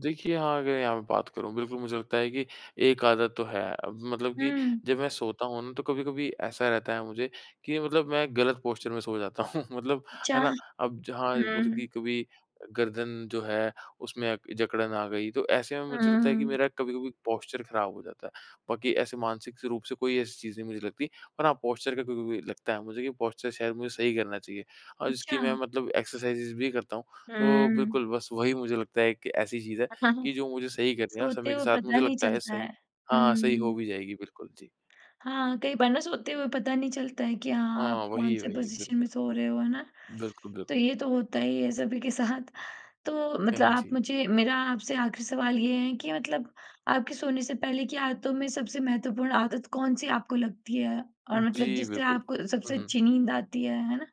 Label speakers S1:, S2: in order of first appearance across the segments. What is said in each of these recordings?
S1: देखिए हाँ अगर यहाँ पे बात करूँ बिल्कुल मुझे लगता है कि एक आदत तो है। मतलब कि
S2: हुँ।
S1: जब मैं सोता हूँ ना तो कभी-कभी ऐसा रहता है मुझे कि मतलब मैं ग़लत पॉस्चर में सो जाता हूँ मतलब है
S2: चाह
S1: ना अब जहाँ मतलब कि
S2: हुँ।
S1: कभी अ, गर्दन जो है उसमें अ, जकड़न आ गई तो ऐसे में
S2: हुँ,
S1: मुझे लगता है कि
S2: हुँ।
S1: मेरा कभी-कभी पॉस्चर ख़राब हो जाता है। बाकी ऐसे मानसिक से रूप से कोई ऐसी चीज़ नहीं मुझे लगतीं और हाँ पॉस्चर का कभी-कभी लगता है मुझे कि पॉस्चर शायद मुझे सही करना चाहिए और इसकी मैं
S2: अच्छा।
S1: मतलब एक्सरसाइजेज़ भी करता हूँ। तो
S2: हुँ।
S1: बिल्कुल बस वही मुझे लगता है कि ऐसी चीज़ है
S2: ह हाँ,
S1: कि जो मुझे सही करनी है और
S2: सोते
S1: समय के
S2: हुए
S1: साथ
S2: पता
S1: मुझे
S2: नहीं
S1: लगता है
S2: चलता है।
S1: सही हाँ, हाँ सही हो
S2: हुँ।
S1: भी जाएगी बिल्कुल जी।
S2: हाँ, कई बार ना सोते हुए पता नहीं चलता है कि हाँ आप
S1: हाँ,
S2: कौन से
S1: वही-वही
S2: पोज़िशन में
S1: बिल्कुल।
S2: सो रहे हो, है ना?
S1: बिल्कुल, बिल्कुल।
S2: तो ये तो होता ही है सभी के साथ। तो मतलब
S1: नहीं
S2: आप
S1: जी।
S2: मुझे मेरा आपसे आख़िरी सवाल ये है कि मतलब आपके सोने से पहले की आदतों में सबसे महत्वपूर्ण आदत कौन-सी आपको लगती है? और मतलब
S1: जी
S2: जिससे
S1: बिल्कुल।
S2: आपको सबसे
S1: उहुँ।
S2: अच्छी नींद आती है? है ना।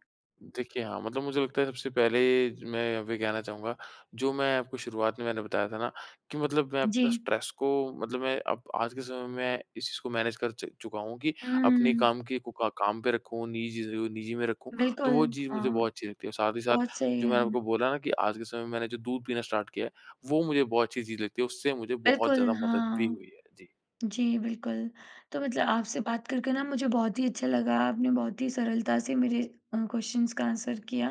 S1: देखिए हाँ, मतलब मुझे लगता है सबसे पहले ज मैं वे कहना चाहूँगा जो मैं आपको शुरुआत में मैंने बताया था ना कि मतलब मैं अपना
S2: जी।
S1: स्ट्रेस को मतलब मैं अब आज के समय में इस चीज़ को मैनेज कर च चुका हूँ कि अपनी
S2: उम
S1: काम कि कूका काम पे रखूँ निजी चीज़ों को निजी में रखूँ तो
S2: बिल्कुल
S1: वो चीज़ मुझे
S2: हाँ।
S1: बहुत अच्छी लगती है। और साथ ही साथ
S2: बहुत सही
S1: जो मैंने
S2: है।
S1: आपको बोला ना कि आज के समय में मैंने जो दूध पीना स्टार्ट किया है वो मुझे बहुत अच्छी चीज़ लगती है। उससे मुझे बहुत
S2: बिल्कुल
S1: ज़्यादा मदद भी
S2: हाँ।
S1: हुई है। जी।
S2: जी बिल्कुल। तो मतलब आपसे बात करके न मुझे बहुत ही अच्छा लगा आपने बहुत ही सरलता से मेरे अ, क्वेश्चन्स का आंसर किया।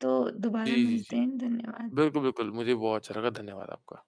S2: तो दोबारा
S1: जी, जी,
S2: मिलते
S1: जी।
S2: हैं। धन्यवाद।
S1: बिल्कुल, बिल्कुल मुझे भी बहुत अच्छा लगा। धन्यवाद आपका।